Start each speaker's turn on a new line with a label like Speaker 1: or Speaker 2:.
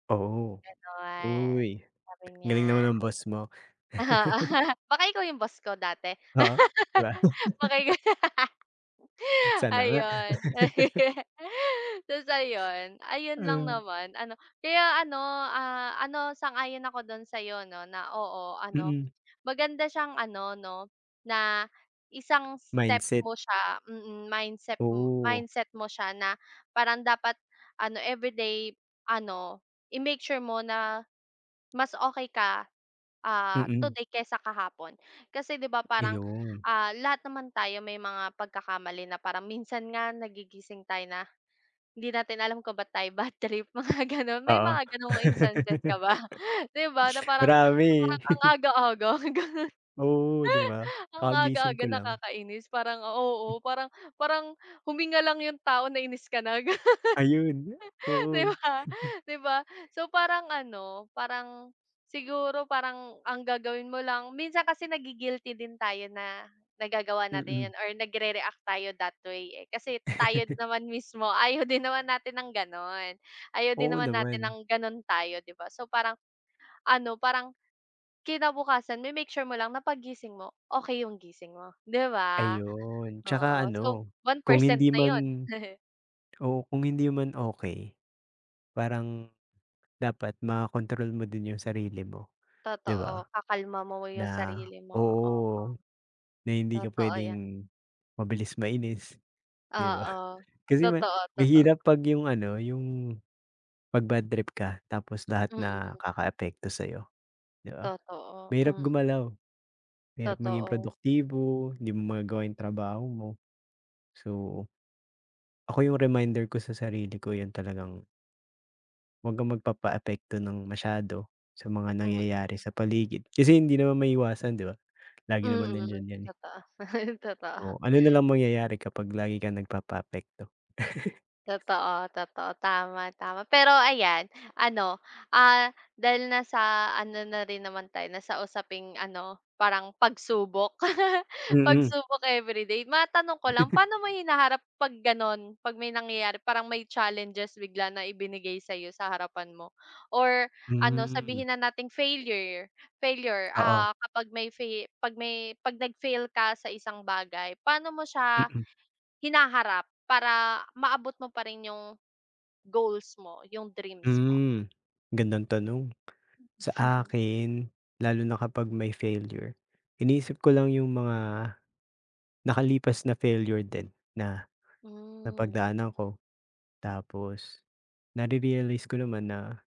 Speaker 1: Oo,
Speaker 2: Ganun,
Speaker 1: uy
Speaker 2: sabi
Speaker 1: galing naman
Speaker 2: niya
Speaker 1: ng boss mo.
Speaker 2: oo. Baka ikaw yung boss ko dati?
Speaker 1: Oh? Di ba?
Speaker 2: Baka ikaw?
Speaker 1: Sana nga.
Speaker 2: Ayun. Tas ayun. Ayun lang
Speaker 1: Um.
Speaker 2: naman ano kaya ano, ah, ano sang-ayon ako dun sayo no na oo ano
Speaker 1: Mm.
Speaker 2: maganda siyang ano no na isang step
Speaker 1: Mindset.
Speaker 2: mo siya. Mhm, mindset,
Speaker 1: Oo.
Speaker 2: mindset mo siya na parang dapat ano everyday ano i-make sure mo na mas okay ka. Ah,
Speaker 1: Mm.
Speaker 2: today kaysa kahapon kasi di ba parang,
Speaker 1: Ayun.
Speaker 2: ah, lahat naman tayo may mga pagkakamali na parang minsan nga nagigising tayo na hindi natin alam kung bat tayo badtrip mga ganun may
Speaker 1: Oo.
Speaker 2: mga ganong instances ka ba? Di ba na parang
Speaker 1: Marami.
Speaker 2: parang ang aga-aga.
Speaker 1: Oo ,di ba?
Speaker 2: Ang
Speaker 1: Kakagising
Speaker 2: aga-aga
Speaker 1: ko lang.
Speaker 2: nakakainis parang oo, parang parang huminga lang yung tao nainis ka na.
Speaker 1: Ayun,
Speaker 2: Di
Speaker 1: oo.
Speaker 2: ba di ba? So parang ano parang siguro parang ang gagawin mo lang minsan kasi nagi-guilty din tayo na nagagawa natin
Speaker 1: Mm.
Speaker 2: yun or nagrereact tayo that way, eh. Kasi tayo din naman mismo ayaw din naman natin ng ganon. Ayaw din
Speaker 1: Oo
Speaker 2: naman natin
Speaker 1: naman.
Speaker 2: ng ganun tayo 'di ba? So parang ano parang kinabukasan ma-make sure mo lang na paggising mo okay yung gising mo 'di ba?
Speaker 1: Ayun. Tsaka
Speaker 2: Oo, so
Speaker 1: ano
Speaker 2: one
Speaker 1: kung
Speaker 2: percent
Speaker 1: hindi
Speaker 2: na yun.
Speaker 1: man oo, kung hindi man okay, parang dapat makontrol mo din yung sarili mo, di
Speaker 2: Totoo
Speaker 1: ba?
Speaker 2: kakalma mo yung
Speaker 1: Na
Speaker 2: sarili mo oo.
Speaker 1: oo na hindi ka
Speaker 2: Totoo yan.
Speaker 1: pwedeng mabilis mainis di ba?
Speaker 2: Oo.
Speaker 1: Kasi ma
Speaker 2: Totoo, toto.
Speaker 1: mahirap pag yung ano yung pag bad trip ka tapos lahat na
Speaker 2: Mm.
Speaker 1: kakaapekto sayo di ba?
Speaker 2: Totoo,
Speaker 1: Mahirap
Speaker 2: hmm.
Speaker 1: gumalaw. Mahirap maging
Speaker 2: Totoo.
Speaker 1: produktibo, di mo magagawa yung trabaho mo. So, ako yung reminder ko sa sarili ko, yan talagang wag kang magpapaapekto ng masyado sa mga
Speaker 2: Mm.
Speaker 1: nangyayari sa paligid. Kasi hindi naman maiiwasan, di ba? Lagi naman
Speaker 2: Mhm.
Speaker 1: nandiyan yan, eh.
Speaker 2: Totoo
Speaker 1: O
Speaker 2: totoo.
Speaker 1: ano nalang mangyayari kapag lagi kang nagpapaapekto?
Speaker 2: Totoo, totoo. Tama, tama. Pero ayan ano, ah, dahil nasa ano na rin naman tayo nasa usaping ano parang pagsubok.
Speaker 1: Mhm.
Speaker 2: Pagsubok everyday matanong ko lang paano mo hinaharap pag ganon? Pag may nangyayari parang may challenges bigla na ibinigay sayo sa harapan mo or ano
Speaker 1: Hmm.
Speaker 2: sabihin na nating failure, failure, ah,
Speaker 1: Oo.
Speaker 2: kapag may fail pag may pag nag fail ka sa isang bagay. Paano mo siya,
Speaker 1: Mhm.
Speaker 2: hinaharap para maabot mo pa rin yung goals mo, yung dreams mo?
Speaker 1: Hmm, gandang tanong. Sa akin lalo na kapag may failure iniisip ko lang yung mga, nakalipas na failure din na
Speaker 2: Hmm.
Speaker 1: napagdaanan ko tapos narerealize ko naman na